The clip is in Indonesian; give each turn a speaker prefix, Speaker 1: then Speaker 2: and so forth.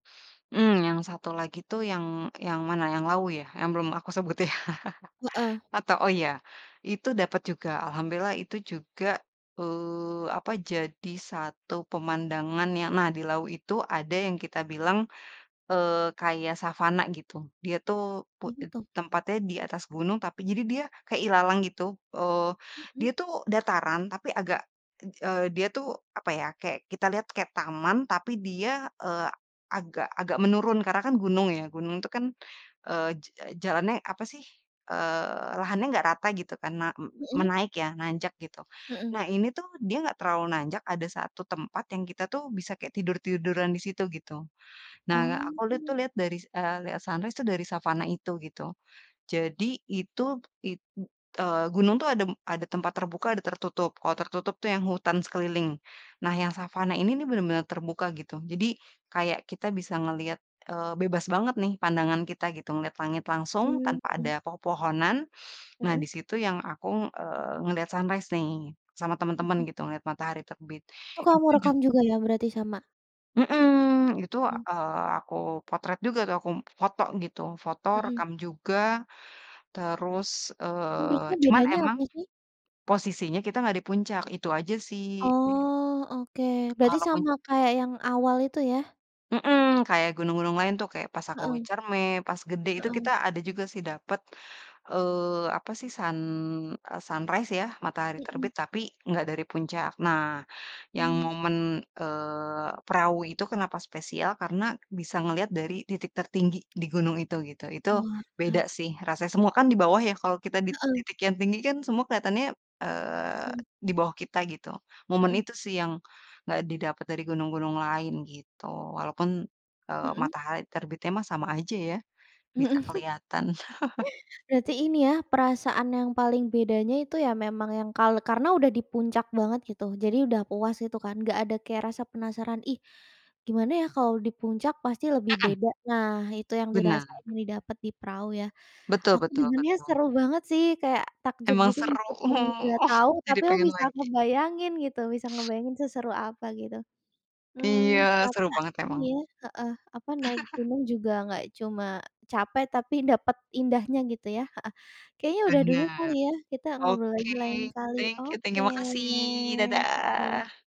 Speaker 1: Mmm, yang satu lagi tuh yang yang mana, yang Lawu ya, yang belum aku sebutin ya.
Speaker 2: Heeh.
Speaker 1: Atau oh ya, itu dapat juga, alhamdulillah itu juga, eee, apa, jadi satu pemandangan yang nah di Lawu itu ada yang kita bilang, eee, kayak savana gitu. Dia tuh pu
Speaker 2: Apa tuh?
Speaker 1: tempatnya di atas gunung tapi jadi dia kayak ilalang gitu, eee, dia
Speaker 2: Mhm.
Speaker 1: tuh dataran tapi agak e gi dia tuh apa ya, kayak kita lihat kayak taman tapi dia, eee, agak agak menurun karena kan gunung ya. Gunung tuh kan, eee, j jalannya apa sih, eee, lahannya nggak rata gitu kan, ma me
Speaker 2: Mhm.
Speaker 1: menaik ya, nanjak gitu.
Speaker 2: Mhm.
Speaker 1: Nah ini tuh, dia nggak terlalu nanjak, ada satu tempat yang kita tuh bisa kayak tidur-tiduran di situ gitu. Nah
Speaker 2: Oh,.
Speaker 1: aku lihat tuh
Speaker 2: [unintelligible]
Speaker 1: lihat dari se eee, lihat sunrise itu dari savana itu gitu. Jadi itu i eee, gunung tuh ada ada tempat terbuka ada tertutup. Kalau tertutup tuh yang hutan sekeliling. Nah yang savana ini nih benar-benar terbuka gitu, jadi kayak kita bisa ngeliat, eee, bebas banget nih pandangan kita gitu. Ngeliat langit langsung, tanpa
Speaker 2: Hmm..
Speaker 1: ada
Speaker 2: [unintelligible]
Speaker 1: pepohonan. Nah
Speaker 2: Hmm.
Speaker 1: di situ yang aku, eee, ngeliat sunrise nih, sama teman-teman
Speaker 2: Mhm.
Speaker 1: gitu, ngeliat matahari terbit.
Speaker 2: Oh kamu
Speaker 1: Itu jug
Speaker 2: rekam juga ya, berarti sama?
Speaker 1: Heeh, itu,
Speaker 2: Mhm.
Speaker 1: eee, aku potret juga tuh, aku foto gitu. Foto,
Speaker 2: Heeh.
Speaker 1: rekam juga. Terus,
Speaker 2: Menurutmu
Speaker 1: eee, cuman
Speaker 2: bedanya
Speaker 1: emang
Speaker 2: apa sih?
Speaker 1: posisinya kita nggak di puncak itu aja sih.
Speaker 2: Oh, oke berarti
Speaker 1: Kalau pun
Speaker 2: sama kayak yang awal itu ya?
Speaker 1: Heeh. Kayak gunung-gunung lain tuh. Kayak pas aku lagi
Speaker 2: Heeh.
Speaker 1: Ciremai, pas Gede itu kita
Speaker 2: Heeh.
Speaker 1: ada juga sih dapet, eee, apa sih, sun e sunrise ya, matahari
Speaker 2: Mhm.
Speaker 1: terbit tapi nggak dari puncak. Nah, yang
Speaker 2: Mmm.
Speaker 1: momen, eee, Prau itu kenapa spesial karena bisa ngelihat dari titik tertinggi di gunung itu, gitu. Itu beda
Speaker 2: Owalah.
Speaker 1: sih rasanya. Semua kan di bawah ya, kalau kita di
Speaker 2: Heeh.
Speaker 1: titik yang tinggi kan semua kelihatannya, eee,
Speaker 2: Mmm.
Speaker 1: di bawah kita gitu. Momen
Speaker 2: Heeh.
Speaker 1: itu sih yang, nggak didapat dari gunung-gunung lain, gitu. Walaupun, eee,
Speaker 2: Mhm.
Speaker 1: matahari terbitnya mah sama aja ya, bisa
Speaker 2: Mhm.
Speaker 1: kelihatan.
Speaker 2: Berarti ini ya, perasaan yang paling bedanya itu ya memang yang kalau karena udah di puncak banget gitu, jadi udah puas itu kan. Nggak ada kayak rasa penasaran, "ih, gimana ya kalau di puncak, pasti lebih
Speaker 1: Hmm.
Speaker 2: beda" nah, itu yang
Speaker 1: Bena
Speaker 2: dirasain, didapat di Prau ya.
Speaker 1: Betul
Speaker 2: Aku
Speaker 1: betul
Speaker 2: dengarnya
Speaker 1: betul.
Speaker 2: seru banget sih, kayak takjub
Speaker 1: Emang
Speaker 2: gitu
Speaker 1: seru.
Speaker 2: meskipun nggak tahu,
Speaker 1: Jadi
Speaker 2: tapi
Speaker 1: pengen
Speaker 2: bisa
Speaker 1: lagi.
Speaker 2: ngebayangin gitu. Bisa ngebayangin seseru apa gitu.
Speaker 1: Iya,
Speaker 2: Mmm,
Speaker 1: seru
Speaker 2: ternyata
Speaker 1: banget emang.
Speaker 2: ini ya heeh, apa, naik gunung juga nggak cuma capek tapi dapet indahnya gitu ya heeh. Kayaknya udah dulu
Speaker 1: Benar.
Speaker 2: kali ya, kita ngobrol lagi
Speaker 1: Oke,
Speaker 2: lain kali.
Speaker 1: thank you thank
Speaker 2: Oke,
Speaker 1: you, makasih.
Speaker 2: oke.
Speaker 1: Dadah.